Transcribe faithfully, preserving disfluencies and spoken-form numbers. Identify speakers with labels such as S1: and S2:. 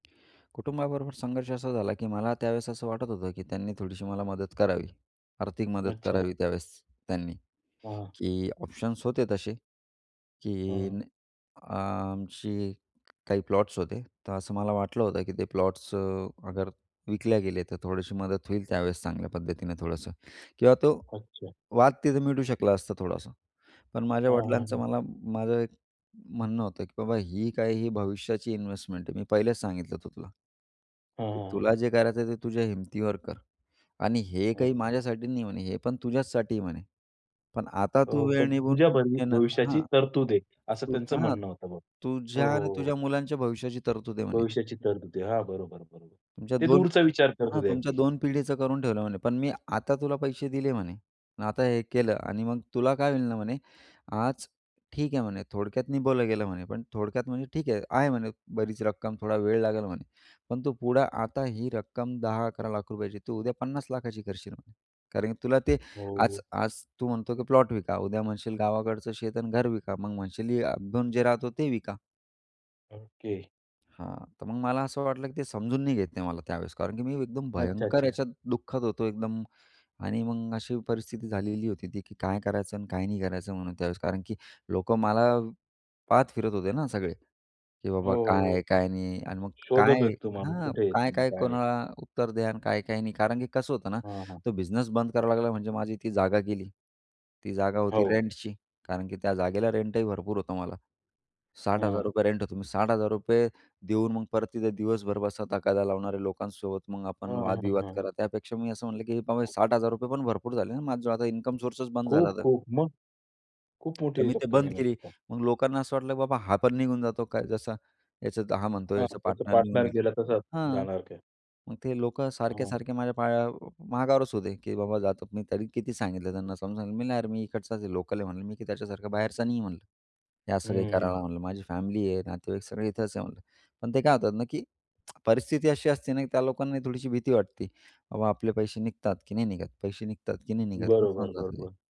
S1: कुटुंबाबरोबर संघर्ष असा झाला, की मला त्यावेळेस असं वाटत होतं, की त्यांनी थोडीशी मला मदत करावी, आर्थिक मदत
S2: अच्छा.
S1: करावी. त्यावेळेस त्यांनी.
S2: हां.
S1: की ऑप्शन्स होते तसे, की
S2: हां.
S1: अ, आमची काही प्लॉट्स होते, तर असं मला वाटलं होतं, की ते प्लॉट्स अ, अगर विकले गेले, तर थोडीशी मदत होईल त्यावेळेस चांगल्या पद्धतीनं थोडंसं. किंवा तो
S2: अच्छा.
S1: वाद तिथे मिटू शकला असता थोडासा. पण माझ्या
S2: हां, हां,
S1: वडिलांचं
S2: हां.
S1: मला माझं एक म्हणणं होतं, की "बाबा, ही काय ही भविष्याची इन्व्हेस्टमेंट आहे, मी पहिलेच सांगितलं होतं तुला"
S2: हां,
S1: "की
S2: हां, हां.
S1: तुला जे करायचं आहे ते तुझ्या हिमतीवर कर आणि हे काही
S2: अच्छा.
S1: माझ्यासाठी नाही," म्हणे, "हे पण तुझ्याचसाठी," म्हणे, "पण आता तू
S2: हो,
S1: वेळ
S2: पण तुझ्या
S1: निभावून
S2: भवि
S1: घेणं"
S2: भविष्याची
S1: हां,
S2: तरतूद आहे असं त्यांचं
S1: तुझ्या हां,
S2: म्हणणं होतं. हो,
S1: "तुझ्या आणि
S2: हो, हो.
S1: तुझ्या मुलांच्या भविष्याची तरतूद आहे," म्हणे.
S2: भविष्याची तरतूद आहे. हां, बरोबर, बरोबर.
S1: तुमच्या
S2: ते
S1: दोन
S2: दूरचा विचार करत
S1: हां,
S2: होते
S1: तुमच्या
S2: अगदी.
S1: दोन पिढीचं करून ठेवलं म्हणे. पण मी आता तुला पैसे दिले म्हणे, आता हे केलं आणि मग तुला काय होईल ना म्हणे, आज ठीक आहे म्हणे. थोडक्यात निभवलं गेलं म्हणे, पण थोडक्यात म्हणे ठीक आहे, आहे म्हणे बरीच रक्कम. थोडा वेळ लागेल म्हणे. पण तू पुढं आता ही रक्कम दहा अकरा लाखांची तू उद्या पन्नास लाखांची करशील म्हणे. कारण, की तुला ते
S2: हो,
S1: आज
S2: हो.
S1: आज तू म्हणतो, की प्लॉट विका, उद्या म्हणशील गावाकडचं शेत आणि घर विका. मग म्हणशील ही आपण जिथं राहतो ते विका.
S2: ओके.
S1: हां. तर मग मला असं वाटलं, की ते समजून नाही घेत नाही मला. त्यावेळेस कारण, की मी एकदम भयंकर
S2: अच्छा-अच्छा.
S1: याच्यात दुःखत होतो एकदम आणि मग अशी परिस्थिती झालेली होती ती, की काय करायचं आणि काय नाही करायचं म्हणून त्यावेळेस. कारण, की लोकं मला पाहत फिरत होते ना, सगळे, की
S2: हो,
S1: बाबा काय
S2: हो,
S1: आहे,
S2: हो.
S1: काय नाही आणि मग
S2: शोधत
S1: काय
S2: होते तुम्हाला
S1: हां,
S2: कुठे आहे, तुम्ही
S1: काय-काय
S2: काय आहे?
S1: कोणाला उत्तर द्या आणि काय-काय नाही. कारण, की कसं होतं ना,
S2: हां, हां.
S1: तो बिझनेस बंद करावा लागला. म्हणजे माझी ती जागा गेली. ती जागा होती
S2: हो.
S1: रेंटची कारण, की त्या जागेला रेंटही भरपूर होता मला. साठ हजार
S2: हां.
S1: रुपये होता. मी साठ हजार रुपये देऊन मग परत तिथे दिवसभर बसा तगादा लावणाऱ्या लोकांसोबत, मग आपण
S2: हं, हं,
S1: वादविवाद
S2: हं.
S1: करा. त्यापेक्षा मी असं म्हटलं, की बाबा, साठ हजार रुपये पण भरपूर झाले ना, माझा जो आता इन्कम सोर्सच बंद
S2: खूप
S1: झाला तर.
S2: खूप मग खूप मोठी
S1: तर
S2: आहे
S1: मी ते
S2: चक्क
S1: बंद
S2: मेहनत.
S1: केली.
S2: [unintelligible]
S1: मग लोकांना असं वाटलं, की बाबा हा पण निघून जातो काय जसा. याचा हा म्हणतो
S2: हां,
S1: याचा
S2: त्याचं
S1: पार्टनर निघून
S2: पार्टनर
S1: गेला
S2: गेला तसा
S1: हं.
S2: जाणार काय?
S1: मग ते लोकं सारखे,
S2: हां.
S1: सारखे माझ्या पाया मागावरच होते, की बाबा जातो. मी तरी किती सांगितलं त्यांना, समजून सांगितलं मी, "नाही यार, मी इकडचाच आहे, लोकल आहे," म्हटलं, "मी, की त्याच्यासारखा बाहेरचा नाही," म्हणलं, "हे
S2: हं,
S1: सगळं काही
S2: हं.
S1: करायला," म्हणलं. "माझी फॅमिली आहे, नातेवाईक सगळे इथेच आहे," म्हटलं. पण ते काय होतात ना, की परिस्थिती अशी असते ना, की त्या लोकांना थोडीशी भीती वाटते, "बाबा आपले पैसे निघतात की नाही निघत, पैसे निघतात की नाही निघत," असं होऊन
S2: बरोबर,
S1: जातं ते.
S2: बरोबर.